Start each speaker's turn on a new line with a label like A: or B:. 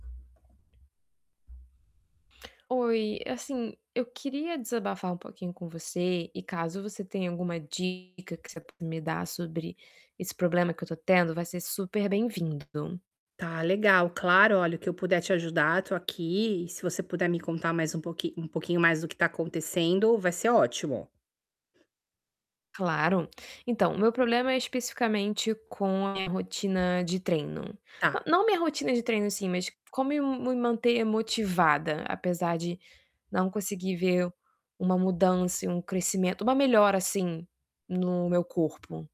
A: Oi, assim, eu queria desabafar um pouquinho com você e caso você tenha alguma dica que você possa me dar sobre esse problema que eu tô tendo, vai ser super bem-vindo.
B: Tá legal, claro. Olha, o que eu puder te ajudar, tô aqui. Se você puder me contar mais um pouquinho um pouquinho mais do que tá acontecendo, vai ser ótimo.
A: Claro. Então, meu problema é especificamente com a minha rotina de treino. Na
B: Tá.
A: não minha rotina de treino em si, mas como me me manter motivada, apesar de não conseguir ver uma mudança e um crescimento uma melhora assim no meu corpo.